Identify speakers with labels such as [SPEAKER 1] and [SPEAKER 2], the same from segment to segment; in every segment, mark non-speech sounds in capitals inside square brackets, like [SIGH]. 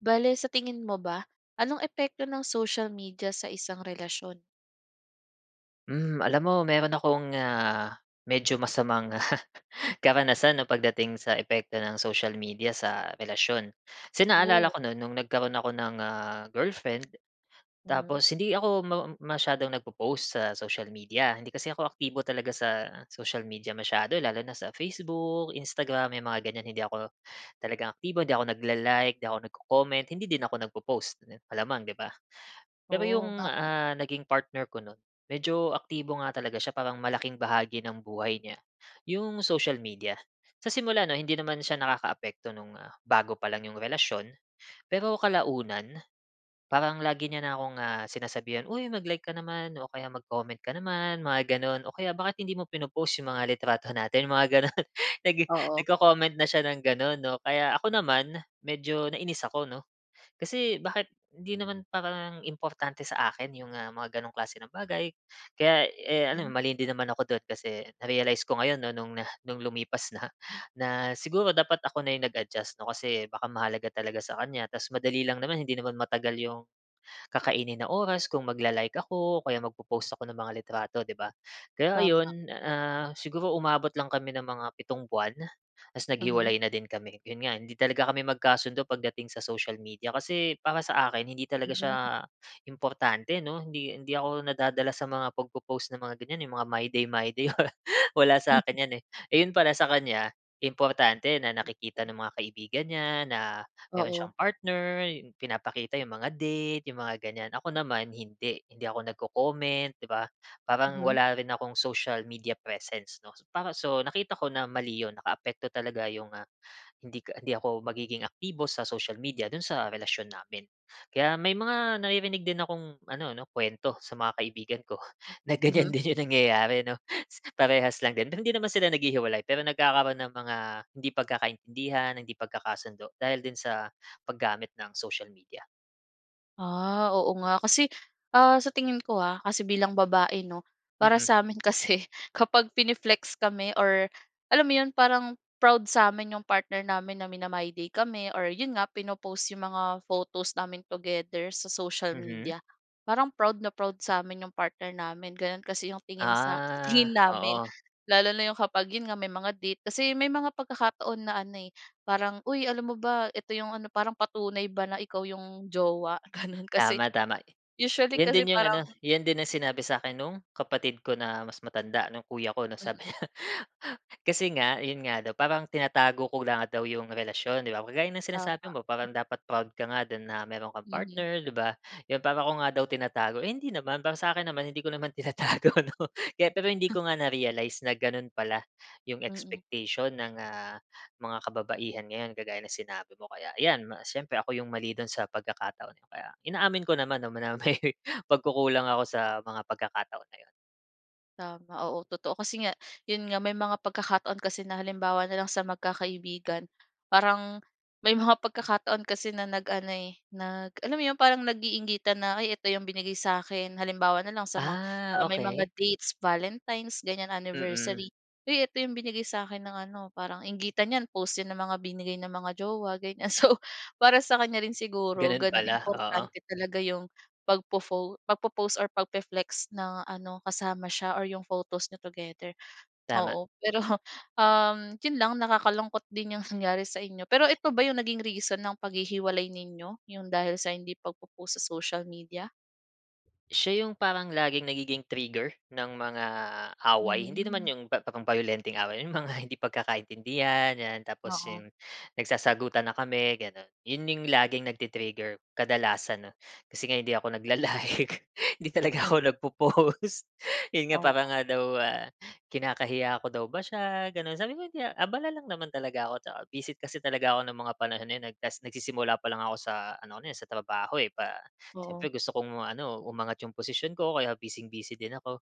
[SPEAKER 1] Bale sa tingin mo ba, anong epekto ng social media sa isang relasyon?
[SPEAKER 2] Hmm, alam mo meron akong ah, medyo masamang [CHUCKLES] karanasan 'no pagdating sa epekto ng social media sa relasyon. Kasi naalala
[SPEAKER 1] Oh.
[SPEAKER 2] ko noon, nung nagkaro'n ako ng ah, girlfriend tapos
[SPEAKER 1] Mhm.
[SPEAKER 2] hindi ako ma masyadong nagpo-post, sa social media. Hindi kasi ako aktibo talaga sa social media masyado lalo na sa Facebook, Instagram, may mga ganyan hindi ako, talagang aktibo. Hindi ako nagla-like, hindi ako nagco-comment, hindi din ako nagpo-post, ganun. Malamang, 'di ba? Pero
[SPEAKER 1] Oh,
[SPEAKER 2] 'yong
[SPEAKER 1] bakit?
[SPEAKER 2] ah, naging partner ko no'n, medyo aktibo nga talaga siya, parang malaking bahagi ng buhay niya, 'yong social media. Sa simula 'no, hindi naman siya nakakaapekto no'ng ah, bago pa lang 'yong relasyon, pero kalaunan, parang lagi niya na akong ah, sinasabihan, "Uy mag-like ka naman o kaya mag-comment ka naman", mga gano'n. O kaya, "Bakit hindi mo pino-post 'yong mga litrato natin", mga gano'n, nag
[SPEAKER 1] Oo.
[SPEAKER 2] nagco-comment na siya ng gano'n 'no? Kaya ako naman, medyo nainis ako 'no? Kasi, bakit hindi naman parang importante sa akin yung mga ganong klase ng bagay, kaya, eh, ano
[SPEAKER 1] Mm?
[SPEAKER 2] mali din naman ako do'n kasi, na-realize ko ngayon 'no, no'ng no'ng lumipas na. Na, siguro dapat ako na yung nag-adjust 'no? Kasi baka mahalaga talaga sa kanya tapos madali lang naman, hindi naman matagal 'yong kakainin na oras kung magla-like ako, o kaya magpo-post ako ng mga litrato, 'di ba? Kaya
[SPEAKER 1] Tama.
[SPEAKER 2] ayun, ah, siguro umabot lang kami ng mga 7 buwan, ta's
[SPEAKER 1] Mhm.
[SPEAKER 2] naghiwalay na din kami. 'Yon nga, hindi talaga kami magkasundo pagdating sa social media. Kasi, para sa akin hindi talaga siya
[SPEAKER 1] Mm.
[SPEAKER 2] importante 'no? Hindi hindi ako nadadala sa mga pagpo-post ng mga ganyan eh, 'yong mga My Day, My Day [LAUGHS] wala sa akin 'yan eh. Eh, 'yon pala sa kanya, importante na nakikita ng mga kaibigan niya, na meron siyang
[SPEAKER 1] Oo.
[SPEAKER 2] partner, yung pinapakita yung mga date, yung mga ganyan, ako naman hindi, hindi ako nagco-comment, 'di ba? Parang
[SPEAKER 1] Mhm.
[SPEAKER 2] wala rin akong social media presence 'no? Para so, nakita ko na mali yun. Nakaapekto talaga yung ah, hindi ka hindi ako magiging aktibo sa social media dun sa relasyon namin. Kaya may mga, naririnig din akong ano 'no, kuwento, sa mga kaibigan ko, na ganyan
[SPEAKER 1] Mhm.
[SPEAKER 2] din yung nangyayari, 'no? Parehas lang din. Pero hindi naman sila naghihiwalay, pero nagkakaroon ng mga hindi pagkakaintindihan, hindi pagkakasundo, dahil din sa, paggamit ng social media.
[SPEAKER 1] Ah, oo nga. Kasi, ah, sa tingin ko ah, kasi bilang babae 'no. Para
[SPEAKER 2] Mm.
[SPEAKER 1] sa amin kasi, kapag pine-flex kami or alam mo 'yon, parang proud sa amin 'yong partner namin na mina-MyDay kami or 'yon nga pino-post 'yong mga photos namin together sa social
[SPEAKER 2] Mhm.
[SPEAKER 1] media, parang proud na proud sa amin 'yong partner namin. Gano'n kasi 'yong tingin sa
[SPEAKER 2] Ah.
[SPEAKER 1] tingin namin.
[SPEAKER 2] Oo.
[SPEAKER 1] Lalo na 'yong kapag 'yon nga, may mga date. Kasi may mga pagkakataon na ano eh, parang, "Uy, alam mo ba ito 'yong ano." Parang patunay ba na ikaw 'yong jowa ganun. Kasi
[SPEAKER 2] Tama, tama.
[SPEAKER 1] usually
[SPEAKER 2] 'Yan
[SPEAKER 1] kasi
[SPEAKER 2] din 'yung
[SPEAKER 1] parang
[SPEAKER 2] ano, yan din ang sinabi sa'kin no'ng kapatid ko na mas matanda, no'ng kuya ko 'no, sabi
[SPEAKER 1] Mm.
[SPEAKER 2] niya. Kasi nga, yun nga daw, parang tinatago ko nga daw yung relasyon, 'di ba. Kagaya ng sinasabi
[SPEAKER 1] Tama.
[SPEAKER 2] mo, parang dapat proud ka nga din na mayro'n kang
[SPEAKER 1] Mhm.
[SPEAKER 2] partner, 'di ba. 'Yon, para ko nga daw tinatago, eh, hindi naman. Para sa akin naman, hindi ko naman tinatago 'no. Kaya pero hindi ko nga na-realize na gano'n pala 'yung
[SPEAKER 1] Mm.
[SPEAKER 2] expectation ng, ah, mga kababaihan ngayon kagaya ng sinabi mo. Kaya ayan, ma siyempre ako 'yung mali do'n sa pagkakataon kaya, inaamin ko naman 'no, na may pagkukulang ako sa mga pagkakataon na 'yon.
[SPEAKER 1] Tama, oo. Totoo, kasi nga, 'yon nga. May mga pagkakataon kasi na halimbawa na lang sa magkakaibigan, parang may mga pagkakataon kasi na nag ano eh, nag, alam mo 'yon, parang nag-iingitan na, "Ay, ito 'yong binigay sa'kin." Halimbawa na lang sa ma
[SPEAKER 2] Ah,
[SPEAKER 1] ah, may mga
[SPEAKER 2] okey.
[SPEAKER 1] dates, Valentines ganyan,
[SPEAKER 2] Mm.
[SPEAKER 1] Anniversary, "Uy ito 'yong binigay sa'kin ng ano." Parang inggitan 'yan, post 'yan ng mga binigay ng mga jowa, ganyan. So, para sa kanya rin siguro
[SPEAKER 2] Ganun
[SPEAKER 1] gano'n,
[SPEAKER 2] pala, oo.
[SPEAKER 1] importante talaga 'yong pagpo-fo pagpo-post, or pagpi-flex ng ano kasama siya or 'yong photos niyo together.
[SPEAKER 2] Tama.
[SPEAKER 1] Oo, pero uhm, 'yon lang, nakakalungkot din 'yong nangyari sa inyo. Pero eto ba 'yong naging reason ng paghihiwalay ninyo? 'Yong dahil sa hindi pagpo-post sa social media?
[SPEAKER 2] Siya 'yong parang laging nagiging trigger, ng mga away. Hindi naman
[SPEAKER 1] Mhm.
[SPEAKER 2] 'yong pep pang bayolenteng away, 'yong mga hindi pagkakaintindihan, 'yan. Tapos
[SPEAKER 1] Oo.
[SPEAKER 2] 'yong, nagsasagutan na kami, gano'n, 'yon 'yong laging nagti-trigger kadalasan, 'no. Kasi nga hindi ako nagla-like, hindi talaga ako nag-po-post, 'yon nga para
[SPEAKER 1] Oo.
[SPEAKER 2] nga daw ah, kinakahiya ko daw ba siya, gano'n. Sabi ko, "Hindi ah." Abala lang naman talaga ako, tsaka busy kasi talaga ako ng mga panahon na 'yon. Nag tapos nagsisimula pa lang ako sa ano eh, sa trabaho, eh. Pa siyempre
[SPEAKER 1] Oo.
[SPEAKER 2] gusto kong ano umangat 'yong posisyon ko kaya bising-busy din ako.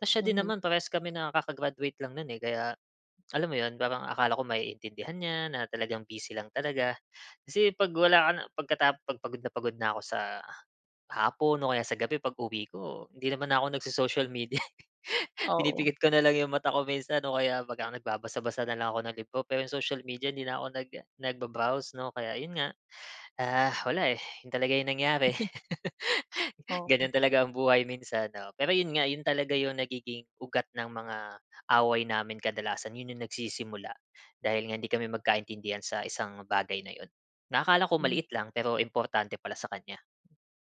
[SPEAKER 2] Tapos siya din
[SPEAKER 1] Mhm.
[SPEAKER 2] naman parehas kami na kaka-graduate lang no'n eh, kaya alam mo 'yon, parang akala ko maiintindihan niya, na talagang busy lang talaga. Kasi 'pag wala ka na, pagkatap 'Pag pagod na pagod na ko sa hapon o kaya sa gabi, pag-uwi ko, hindi naman na ko nag-so-social media, eh.
[SPEAKER 1] Oo.
[SPEAKER 2] Pinipikit ko na lang 'yong mata ko minsan o kaya pag ka nagbabasa-basa na lang ako ng libro. Pero 'yong social media 'di na ko nag nag-ba-browse 'no. Kaya 'yon nga, ah, wala eh, yun talaga yung nangyari. [LAUGHS]
[SPEAKER 1] Oo.
[SPEAKER 2] Ganun talaga ang buhay minsan 'no. Pero yun nga, yun talaga yung nagiging ugat ng mga away namin. Kadalasan yun yung nagsisimula, dahil nga hindi kami magkaintindihan sa isang bagay na yun na akala ko
[SPEAKER 1] Hmm.
[SPEAKER 2] maliit lang pero importante pala sa kanya.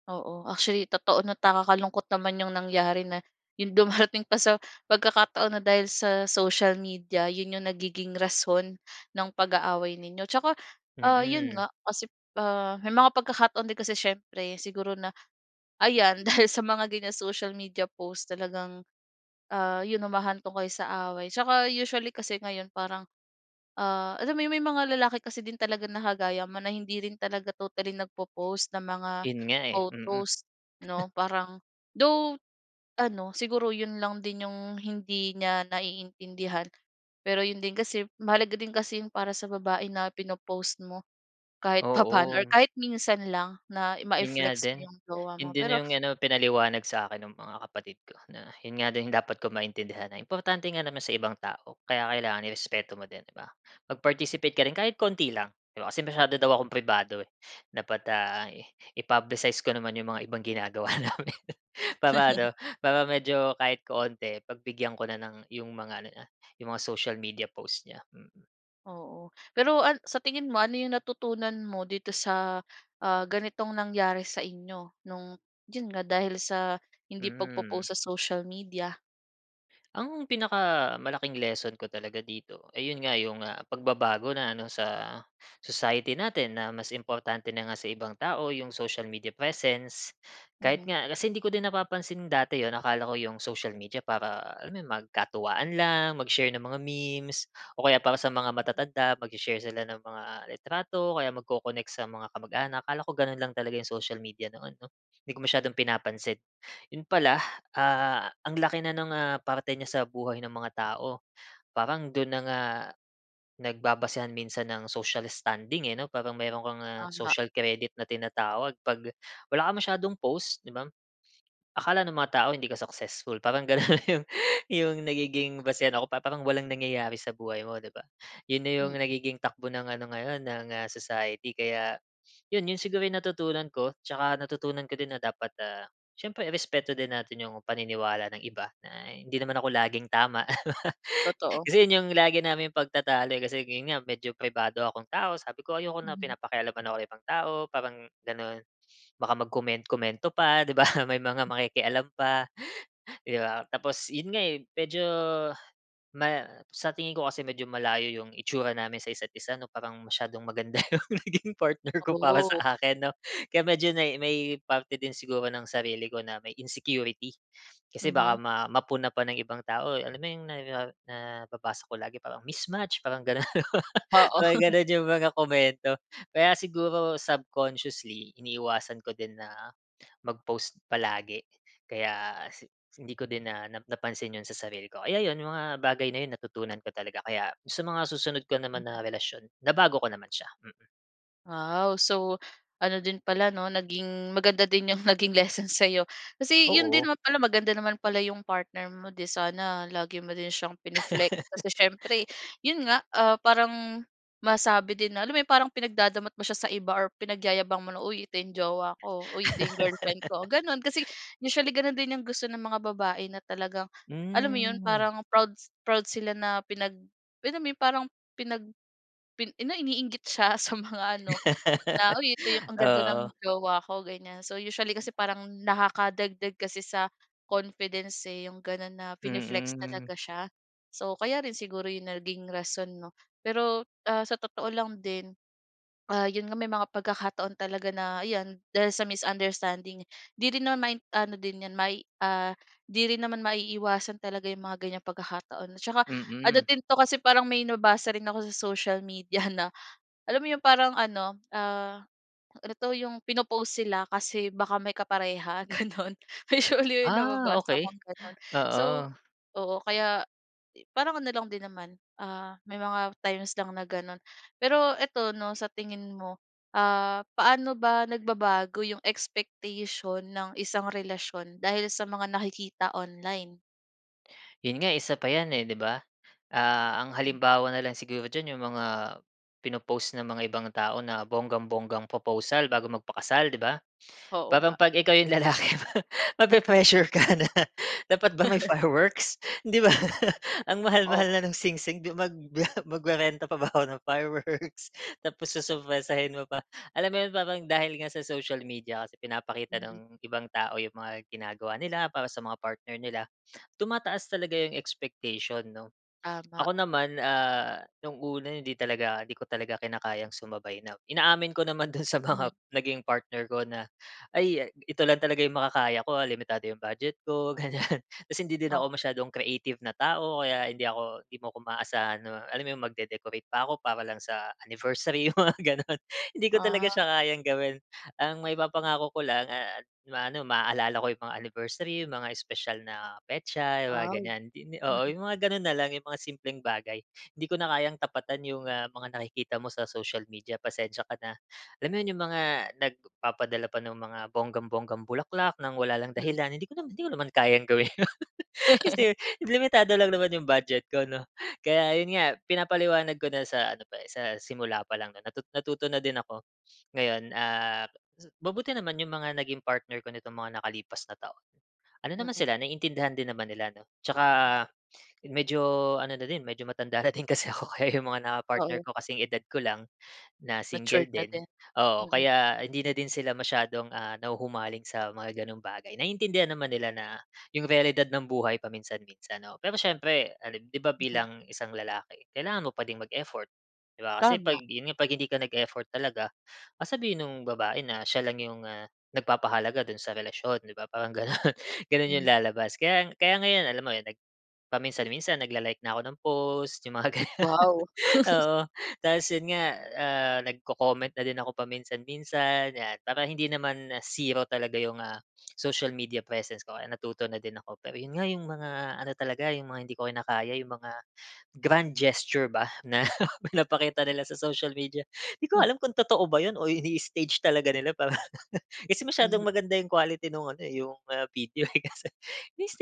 [SPEAKER 1] Oo. Actually totoo 'no, at nakakalungkot naman yung nangyari na, yung dumarating pa sa pagkakataon na dahil sa social media yun yung nagiging rason ng pag-aaway ninyo. 'Tsaka ah, yun
[SPEAKER 2] Mm.
[SPEAKER 1] nga, kasi ah, may mga pagkakataon din kasi siyempre siguro na, ayan dahil sa mga ganyang social media post talagang, ah, yun humahantong kayo sa away. 'Tsaka usually kasi ngayon parang, ah, alam mo yung may mga lalaki kasi din talaga na kagaya mo na hindi rin talaga totally nagpo-post ng mga
[SPEAKER 2] Yun nga eh, mm. [CHUCKLES]
[SPEAKER 1] photos, 'no. Parang though ano siguro yun lang din yung hindi niya naiintindihan. Pero yun din kasi mahalaga din kasi yun para sa babae na pino-post mo kahit papaano or
[SPEAKER 2] Oo.
[SPEAKER 1] kahit minsan lang na
[SPEAKER 2] Yun nga
[SPEAKER 1] mai-flex mo
[SPEAKER 2] din,
[SPEAKER 1] yung jowa
[SPEAKER 2] yun
[SPEAKER 1] mo,
[SPEAKER 2] din
[SPEAKER 1] pero
[SPEAKER 2] yung ano pinaliwanag sa akin ng mga kapatid ko na, yun nga din dapat kong maintindihan na importante nga naman sa ibang tao kaya kailangan irespeto mo din, di ba. Mag-participate ka rin kahit konti lang di ba, kasi masyado daw akong pribado eh, dapat ah, i-publicize ko naman yung mga ibang ginagawa namin para ano, para medyo kahit konti pagbigyan ko na ng yung mga ano niya, yung mga social media post niya. Hmm.
[SPEAKER 1] Oo, pero an sa tingin mo, ano 'yong natutunan mo dito sa, ah, ganitong nangyari sa inyo, no'ng 'yon nga, dahil sa hindi
[SPEAKER 2] Hmm.
[SPEAKER 1] pagpo-post sa social media?
[SPEAKER 2] Ang pinakamalaking lesson ko talaga dito, eh, yun nga, yung ah pagbabago na ano sa, sa society natin na mas importante na nga sa ibang tao yung social media presence. Kahit
[SPEAKER 1] Mhm.
[SPEAKER 2] nga kasi hindi ko din napapansin dati 'yon akala ko 'yong social media para alam mo magkatuwaan lang, mag-share ng mga memes o kaya para sa mga matatanda magse-share sila ng mga litrato o kaya magko-connect sa mga kamag-anak akala ko gano'n lang talaga 'yong social media noon 'no. 'Di ko masyadong pinapansin. 'Yon pala, ah, ang laki na ng ah, parte niya sa buhay ng mga tao, parang do'n na nga nagbabasehan minsan ng social standing eh, 'no, parang meron kang ah,
[SPEAKER 1] Tama.
[SPEAKER 2] social credit na tinatawag 'pag wala kang masyadong post 'di bam, akala nung mga tao hindi ka successful parang ganun yung yung nagiging basehan ako parang parang walang nangyayari sa buhay mo, 'di ba? Yun na yung
[SPEAKER 1] Hmm.
[SPEAKER 2] nagiging takbo ng ano ngayon ng, ah, society kaya, yun yun siguro yung natutunan ko. Tsaka natutunan ko din na dapat ah, siyempre irespeto din natin yung paniniwala ng iba na hindi naman ako laging tama, [LAUGHS]
[SPEAKER 1] Totoo.
[SPEAKER 2] Kasi yun yung lagi naming pagtatalo eh, kasi yun nga medyo pribado akong tao sabi ko, ayoko na
[SPEAKER 1] Mhm.
[SPEAKER 2] pinapakialaman ako ng ibang tao parang ganun. Baka mag-komen-komento pa, 'di ba, may mga makikialam pa, 'di ba. Tapos 'yon nga eh, medyo ma sa tingin ko kasi medyo malayo 'yong itsura namin sa isa't isa 'no, parang masyadong maganda 'yong naging partner ko para
[SPEAKER 1] Oh.
[SPEAKER 2] sa akin 'no, kaya medyo nay may parte din siguro ng sarili ko na may insecurity. Kasi baka
[SPEAKER 1] Mhm.
[SPEAKER 2] ma mapuna pa ng ibang tao, alam mo 'yong na, ah, nababasa ko lagi parang mismatch parang gano'n,
[SPEAKER 1] Oo.
[SPEAKER 2] parang
[SPEAKER 1] [LAUGHS]
[SPEAKER 2] ganun yung mga komento. Kaya siguro subconsciously, iniiwasan ko din na mag-post palagi kaya hindi ko din na nap napansin 'yon sa sarili ko, kaya 'yon, yung mga bagay na 'yon natutunan ko talaga kaya sa mga susunod ko naman na relasyon nabago ko naman siya, mm.
[SPEAKER 1] Wow! So, ano din pala, 'no? Naging maganda din 'yong naging lesson sa'yo. Kasi 'yon din
[SPEAKER 2] Oo.
[SPEAKER 1] naman pala maganda naman pala 'yong partner mo, 'di sana lagi mo din siyang pine-flex. Kasi siyempre, 'yon nga, ah, parang masabi din na, alam mo 'yong parang pinagdadamot mo siya sa iba or pinagyayabang mo na, "Uy, ito 'yong jowa ko. Uy, ito 'yong girlfriend ko." Gano'n. Kasi usually gano'n din 'yong gusto ng mga babae na talagang, alam mo 'yon
[SPEAKER 2] Hmm.
[SPEAKER 1] parang proud s proud sila na pinag, alam mo yun, parang pinag pi ano iniinggit siya sa mga ano, na, "Uy ito 'yong ang ganda ng
[SPEAKER 2] Oo.
[SPEAKER 1] jowa ko." Ganyan. So usually kasi parang nakakadagdag kasi sa confidence, eh, 'yong gano'n na pine-flex
[SPEAKER 2] Mm.
[SPEAKER 1] talaga siya. So, kaya rin siguro 'yong naging rason, 'no? Pero, ah, sa totoo lang din, ah, 'yon nga may mga pagkakataon talaga na 'yan dahil sa misunderstanding 'di rin naman- ano din 'yan may ah, 'di rin naman maiiwasan talaga 'yong mga ganyang pagkakataon. Tsaka ano
[SPEAKER 2] Mm.
[SPEAKER 1] din 'to, kasi parang may nabasa rin ako sa social media na, alam mo 'yong parang ano, ah, ano 'to, 'yong pino-post sila. Kasi baka may kapareha gano'n. Usually
[SPEAKER 2] Ah,
[SPEAKER 1] nababasa
[SPEAKER 2] okey,
[SPEAKER 1] kong gano'n. So
[SPEAKER 2] oo.
[SPEAKER 1] oo, kaya eh, parang ano lang din naman, ah, may mga times lang na gano'n. Pero ito, 'no, sa tingin mo, ah, paano ba nagbabago 'yong expectation ng isang relasyon dahil sa mga nakikita online?
[SPEAKER 2] 'Yon nga, isa pa 'yan eh, 'di ba? Ah, ang
[SPEAKER 1] Mm.
[SPEAKER 2] halimbawa na lang siguro diyan 'yong mga, pino-post ng mga ibang tao na bonggang-bonggang proposal bago magpakasal, 'di ba?
[SPEAKER 1] Oo
[SPEAKER 2] Parang
[SPEAKER 1] nga.
[SPEAKER 2] 'pag ikaw 'yong lalaki mape-pressure ka na, "Dapat ba may fireworks?" 'Di ba? [LAUGHS] Ang mahal-mahal
[SPEAKER 1] Oo.
[SPEAKER 2] na no'ng singsing di mag [LAUGHS] magre-renta pa ba ako ng fireworks [LAUGHS] tapos sosorpresahin mo pa. Alam mo 'yon? Parang dahil nga sa social media kasi pinapakita
[SPEAKER 1] Mm.
[SPEAKER 2] ng ibang tao 'yung mga ginagawa nila, para sa mga partner nila, tumataas talaga 'yong expectation, 'no?
[SPEAKER 1] Tama.
[SPEAKER 2] Ako naman ah, 'nung una hindi talaga, hindi ko talaga kinakayang sumabay na inaamin ko naman do'n sa mga
[SPEAKER 1] Ye
[SPEAKER 2] naging partner ko na, "Ay, ito lang talaga 'yung makakaya ko ha. Limitado 'yong budget ko," ganyan. Kasi hindi din ako
[SPEAKER 1] Oh.
[SPEAKER 2] masyadong creative na tao, kaya hindi ako 'di mo ko maaasahan na, alam mo 'yun, magde-decorate pa ako para lang sa anniversary, 'yung mga gano'n. Hindi ko talaga
[SPEAKER 1] Ah.
[SPEAKER 2] siya kayang gawin. Ang maipapangako ko lang ah, ma-ano, maaalala ko 'yung mga anniversary, 'yung mga espesyal na petsa, yung mga
[SPEAKER 1] Aw.
[SPEAKER 2] ganyan. Hindi di oo,
[SPEAKER 1] Mm.
[SPEAKER 2] 'yung mga gano'n na lang 'yung mga simpleng bagay. "Hindi ko na kayang tapatan 'yung ah, mga nakikita mo sa social media. Pasensya ka na." Alam mo yun? 'Yung mga nagpapadala pa ng mga bonggang-bonggang bulaklak, nang wala lang
[SPEAKER 1] Mm.
[SPEAKER 2] dahilan. Hindi ko naman hindi ko naman kayang gawin 'yon. Kasi limitado lang naman 'yung budget ko, 'no? Kaya yun nga pinapaliwanag ko na sa ano pa eh, sa simula pa lang 'no? Natu natuto na din ako. Ngayon, ah, mabuti naman 'yung mga naging partner ko nitong mga nakalipas na taon. Ano naman
[SPEAKER 1] Mm.
[SPEAKER 2] sila naintindihan din naman nila, 'no? Tsaka medyo, ano na din, medyo matanda na din kasi ako kaya 'yung mga
[SPEAKER 1] Oo.
[SPEAKER 2] naka-partnerko kasing-edad ko lang. Na single
[SPEAKER 1] Matured na
[SPEAKER 2] din.
[SPEAKER 1] din.
[SPEAKER 2] Oo,
[SPEAKER 1] Mm.
[SPEAKER 2] kaya hindi na din sila masyadong ah, nahuhumaling sa mga gano'ng bagay. Naiintindihan naman nila na, 'yung realidad ng buhay paminsan-minsan, oo. Pero siyempre ali 'di ba
[SPEAKER 1] Mhm.
[SPEAKER 2] bilang isang lalaki, kailangan mo pa din mag-effort, 'di ba? Kasi 'pag
[SPEAKER 1] Tama.
[SPEAKER 2] 'yon nga, 'pag hindi ka nag-effort talaga, sasabihin nung babae na siya lang 'yong ah, nagpapahalaga do'n sa relasyon, 'di ba? Parang gano'n. Gano'n 'yong
[SPEAKER 1] Mm.
[SPEAKER 2] lalabas. Kaya kaya ngayon alam mo nag paminsan-minsan nagla-like na ako ng post 'yung mga gano'n.
[SPEAKER 1] Wow! [LAUGHS]
[SPEAKER 2] Oo. Tapos yun nga, ah, nagco-comment na din ako paminsan-minsan, 'yan. Para hindi naman ah, 0 talaga 'yung ah, social media presence ko. Natuto na din ako. Pero yun nga 'yung mga, ano talaga 'yung mga hindi ko kinakaya 'yung mga, grand gesture ba, na pinapakita nila sa social media. 'Di ko nga
[SPEAKER 1] Hmm.
[SPEAKER 2] alam kung totoo ba yun, o ini-stage talaga nila para [LAUGHS] kasi masyadong
[SPEAKER 1] Mhm.
[SPEAKER 2] maganda 'yung quality nung ano eh, 'yung ah, video eh. Kasi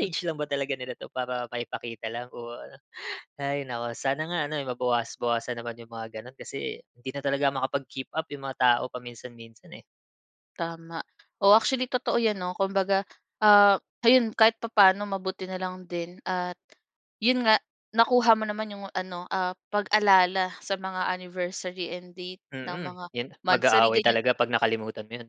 [SPEAKER 1] Hmm.
[SPEAKER 2] lang ba talaga nila 'to para maipakita lang o ano. Hay naku, sana nga ano eh, mabawas-bawasan naman yung mga gano'n, kasi hindi na talaga makapag-keep up 'yung mga tao paminsan-minsan eh.
[SPEAKER 1] Tama. O, actually totoo 'yan, 'no? Kumbaga, ah, ayun kahit papano, mabuti na lang din at 'yon nga nakuha mo naman 'yong ano, ah, pag-alala sa mga anniversary and date ng
[SPEAKER 2] Mm.
[SPEAKER 1] mga
[SPEAKER 2] 'Yon.
[SPEAKER 1] monthsary,
[SPEAKER 2] Mag-aaway
[SPEAKER 1] ganyan.
[SPEAKER 2] talaga 'pag nakalimutan mo 'yon.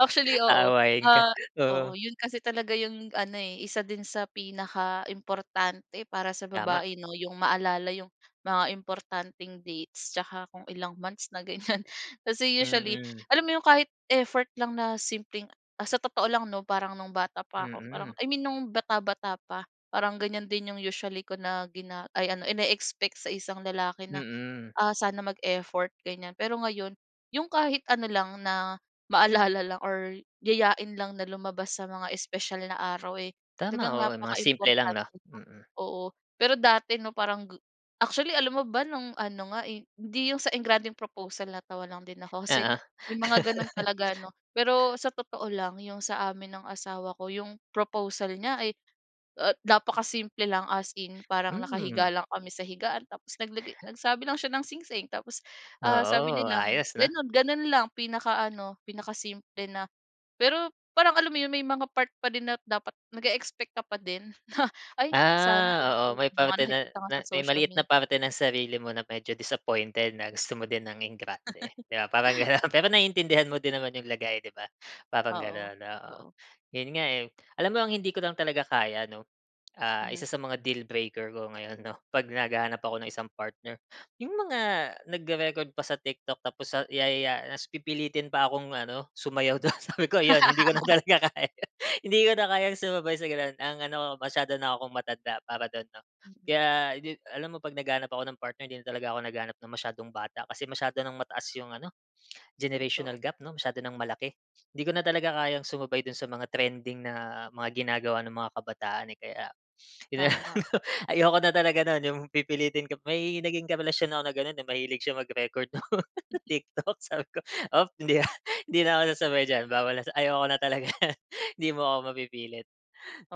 [SPEAKER 1] Actually oo.
[SPEAKER 2] Aawayin ka,
[SPEAKER 1] Ah, oo
[SPEAKER 2] oo.
[SPEAKER 1] 'yon kasi talaga 'yong ano, eh, isa din sa pinakaimportante para sa
[SPEAKER 2] Tama.
[SPEAKER 1] babae, 'no? 'Yong maalala 'yong mga importanteng dates tsaka kung ilang months na ganyan. Kasi usually,
[SPEAKER 2] Mm.
[SPEAKER 1] alam mo 'yong kahit effort lang na simpleng, ah sa totoo lang, 'no? Parang no'ng bata pa ako parang
[SPEAKER 2] Mm.
[SPEAKER 1] I mean, no'ng bata-bata pa. Parang ganyan din 'yong usually ko na gina ay, ano, ine-expect sa isang lalaki na,
[SPEAKER 2] Mm.
[SPEAKER 1] ah, sana mag-effort ganyan. Pero ngayon, 'yong kahit ano lang na, maalala lang or yayain lang na lumabas sa mga espesyal na araw, eh,
[SPEAKER 2] Tama,
[SPEAKER 1] talagang
[SPEAKER 2] oo mga simple lang, 'no?
[SPEAKER 1] napakaimportante na,
[SPEAKER 2] Mm.
[SPEAKER 1] oo. Pero dati, 'no, parang g actually alam mo ba no'ng ano nga, eh hindi 'yong sa engrandeng proposal, natawa lang din ako kasi
[SPEAKER 2] Oo.
[SPEAKER 1] 'yong mga gano'n talaga, 'no? Pero sa totoo lang 'yong sa amin ng asawa ko, 'yong proposal niya, ay, ah, napakasimple lang, as in. Parang
[SPEAKER 2] Hmm.
[SPEAKER 1] nakahiga lang kami sa higaan tapos naglagay nagsabi lang siya ng singsing. Tapos, ah, sabi
[SPEAKER 2] Oo,
[SPEAKER 1] niya lang,
[SPEAKER 2] ayos, 'no?
[SPEAKER 1] gano'n gano'n lang. Pinaka-ano, pinakasimple na pero, parang alam mo 'yong may mga part pa din na dapat nag-e-expect ka pa din. [CHUCKLES] "Ay, sana
[SPEAKER 2] Ah,
[SPEAKER 1] ganito",
[SPEAKER 2] oo. May
[SPEAKER 1] 'yong mga
[SPEAKER 2] parte na
[SPEAKER 1] nakikita nga
[SPEAKER 2] na
[SPEAKER 1] sa
[SPEAKER 2] may
[SPEAKER 1] social
[SPEAKER 2] maliit na
[SPEAKER 1] media.
[SPEAKER 2] parte ng sarili mo na medyo disappointed, na gusto mo din ng engrande. 'Di ba? Parang gano'n. Pero
[SPEAKER 1] Oh.
[SPEAKER 2] naiintindihan mo din naman 'yong lagay, 'di ba? Parang
[SPEAKER 1] Oo.
[SPEAKER 2] gano'n, oo.
[SPEAKER 1] Oo.
[SPEAKER 2] 'Yon nga eh. Alam mo ang hindi ko lang talaga kaya, 'no? Ah, isa
[SPEAKER 1] Mhm.
[SPEAKER 2] sa mga deal breaker ko ngayon, 'no? 'Pag naghahanap ako ng isang partner. 'Yong mga nagre-record pa sa TikTok tapos sa yayaya tapos pipilitin pa akong ano, sumayaw do'n. Sabi ko 'yon. Hindi ko na talaga kaya, hindi ko na kayang sumabay sa gano'n. Ang ano masyado na 'kong matanda para do'n, 'no?
[SPEAKER 1] Mm.
[SPEAKER 2] Kaya 'di alam mo 'pag naghahanap ako ng partner. Hindi na talaga ako naghahanap ng masyadong bata. Kasi masyado nang mataas 'yong ano,
[SPEAKER 1] Totoo.
[SPEAKER 2] generational gap, 'no? Masyado nang malaki. Hindi ko na talaga kayang sumabay do'n sa mga trending na mga ginagawa ng mga kabataan, eh. Kaya [SNIFFS] 'yon na lang
[SPEAKER 1] Tama.
[SPEAKER 2] 'no, ayoko na talaga no'n, 'yong pipilitin ka pa may naging karelasyon ako na gano'n eh. Mahilig siya mag-record no'ng
[SPEAKER 1] Mhm.
[SPEAKER 2] TikTok. Sabi ko, "Op, hindi na hindi na ako sasabay diyan, bawal na ayoko na talaga, hindi mo ako mapipilit.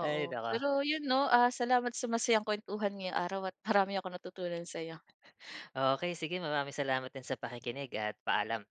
[SPEAKER 2] Ay, naku.
[SPEAKER 1] pero 'yon, 'no? Ah, salamat sa masayang kuwentuhan ngayong araw at marami akong natutunan sa 'yo.
[SPEAKER 2] Okey, sige, maraming salamat din sa pakikinig at paalam.